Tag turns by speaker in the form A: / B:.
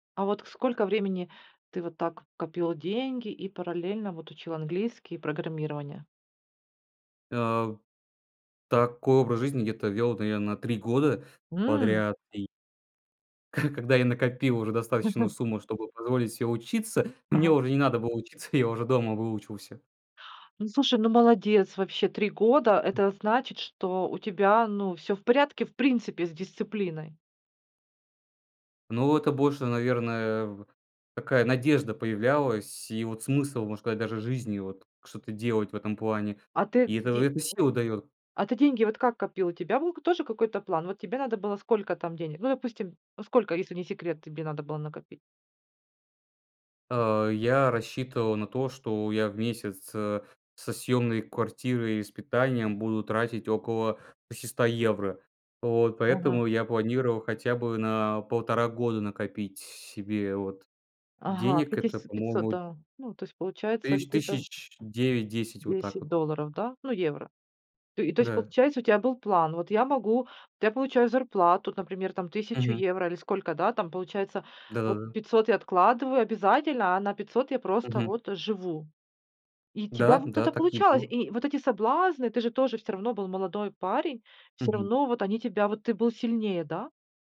A: А вот сколько времени ты вот так копил деньги и параллельно вот учил английский и программирование?
B: Э, такой образ жизни где-то вёл, наверно, 3 года
A: М.
B: подряд и ко когда я накопил уже достаточную сумму, чтобы позволить себе учиться, мне
A: Ага.
B: уже не надо было учиться, я уже дома выучился.
A: Ну слушай, ну молодец, вообще 3 года это значит, что у тебя ну всё в порядке, в принципе, с дисциплиной.
B: Ну, это больше, наверное, такая надежда появлялась, и вот смысл, можно сказать, даже жизни вот что-то делать в этом плане.
A: А ты
B: И эта
A: де
B: это сила дает.
A: [unintelligible] а ты деньги вот как копил? У тебя был тоже какой-то план? Вот тебе надо было сколько там денег? Ну, допустим, ну сколько, если не секрет, тебе надо было накопить?
B: Э, я рассчитывал на то, что я в месяц, э, со съемной квартирой и с питанием буду тратить около 600 евро. Вот.
A: Ага.
B: Поэтому, я планировал хотя бы на 1,5 года накопить с себе, вот.
A: Ага,
B: Денег это
A: пятис пятьсот,
B: по-моему
A: да, ну, то есть получается
B: тыщ
A: где-то
B: тысяч 9-10. Вот так
A: 10
B: вот.
A: долларов, да? Ну евро. Т и то есть,
B: Да.
A: получается у тебя был план. Вот я могу, вот я получаю зарплату, например, там 1 000
B: Мгм.
A: евро или сколько, да? Там получается вот
B: Да-да-да.
A: 500 я откладываю обязательно, а на 500 я просто
B: Мгм.
A: вот живу. И тебя
B: Да,
A: вот
B: да,
A: это
B: так и
A: получалось?
B: был.
A: И вот эти соблазны, ты же тоже всё равно был молодой парень, всё
B: Мгм.
A: равно вот они тебя а, вот ты был сильнее, да?